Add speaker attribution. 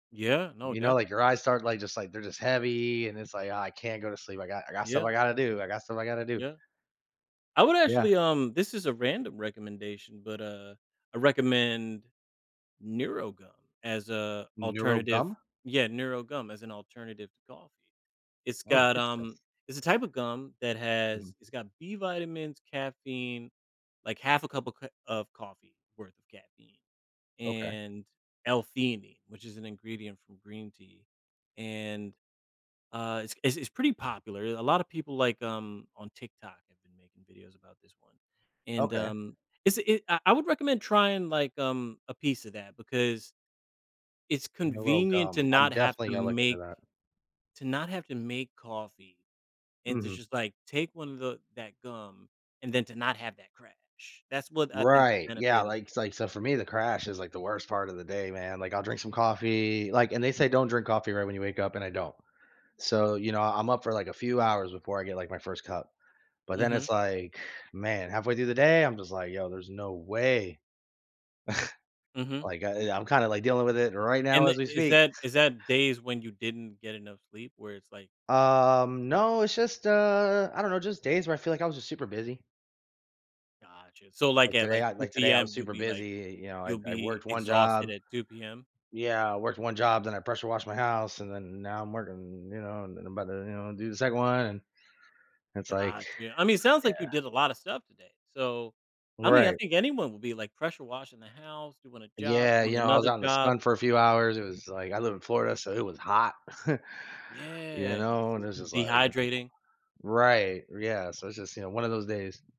Speaker 1: Yeah. No,
Speaker 2: You know,
Speaker 1: def
Speaker 2: like, your eyes start, like, just, like they're just heavy, and it's, like, "Oh, I can't go to sleep I got I got stuff I
Speaker 1: Yeah.
Speaker 2: gotta do, I got stuff I gotta do."
Speaker 1: Yeah. I would
Speaker 2: Yeah.
Speaker 1: actually, um this is a random recommendation, but, uh, I recommend NeuroGum as a alternative
Speaker 2: NeuroGum?
Speaker 1: yeah, "NeuroGum" as an alternative to coffee. It's
Speaker 2: Oh,
Speaker 1: got,
Speaker 2: interesting.
Speaker 1: um it's a type of gum that
Speaker 2: Mhm.
Speaker 1: has it's got B vitamins, caffeine, like, 1/2 a cup of cr of coffee worth of caffeine,
Speaker 2: Okay.
Speaker 1: and L-Theanine, which is an ingredient from green tea, and, uh, it's it's it's pretty popular a lotta people, like, um, on TikTok have been making videos about this one, and,
Speaker 2: Okay.
Speaker 1: um, it's a I I would recommend trying, like, um, a piece of that because it's convenient to
Speaker 2: NeuroGum. I'm
Speaker 1: not have
Speaker 2: definitely
Speaker 1: to
Speaker 2: gonna look into
Speaker 1: make
Speaker 2: that.
Speaker 1: to not have to make coffee and to
Speaker 2: Mhm.
Speaker 1: just, like, take 1 of the that gum and then to not have to crash that's what I think the
Speaker 2: Right. Yeah,
Speaker 1: benefit is.
Speaker 2: like, it's like so for me, the crash is, like, the worst part of the day, man, like, I'll drink some coffee, like and they say, "Don't drink coffee right when you wake up." And I don't, so, you know, I'm up for, like, a few hours before I get, like, my 1st cup. But then
Speaker 1: Mhm.
Speaker 2: it's, like, "Man." halfway through the day, I'm just, like, "Yo, there's no way."
Speaker 1: Mhm.
Speaker 2: Like, I I'm kinda, like, dealing with it right now
Speaker 1: And tha
Speaker 2: as we
Speaker 1: is
Speaker 2: speak.
Speaker 1: that is that days when you didn't get enough sleep where it's like
Speaker 2: Um, no it's just uh, I don't know, just days where I feel like I was just super busy.
Speaker 1: Gotcha. So, like,
Speaker 2: Like,
Speaker 1: at,
Speaker 2: today
Speaker 1: like,
Speaker 2: I
Speaker 1: 2:00
Speaker 2: like, today, I
Speaker 1: PM,
Speaker 2: was
Speaker 1: you'll
Speaker 2: super
Speaker 1: be like
Speaker 2: busy you know, I
Speaker 1: you'll
Speaker 2: I
Speaker 1: be
Speaker 2: worked 1
Speaker 1: exhausted
Speaker 2: job.
Speaker 1: at 2 PM?
Speaker 2: Yeah. I worked 1 job, then I pressure washed my house, and then now I'm working, you know, and then I'm about to, you know, do the 2nd one. It's, like,
Speaker 1: Gotcha. I mean, it sounds like you
Speaker 2: yeah.
Speaker 1: did a lotta stuff today. So, I mean I
Speaker 2: Right.
Speaker 1: think anyone will be like, pressure washing the house, doing a job,
Speaker 2: Yeah, you
Speaker 1: doing
Speaker 2: know, I was
Speaker 1: another
Speaker 2: out in the
Speaker 1: job.
Speaker 2: sun for a few hours it was, like I live in Florida, so it was hot. You
Speaker 1: Yeah. This
Speaker 2: know, and it
Speaker 1: is
Speaker 2: was just, like, [unintelligible]
Speaker 1: dehydrating.
Speaker 2: Right. Yeah. So, it's just, you know, 1 of those days.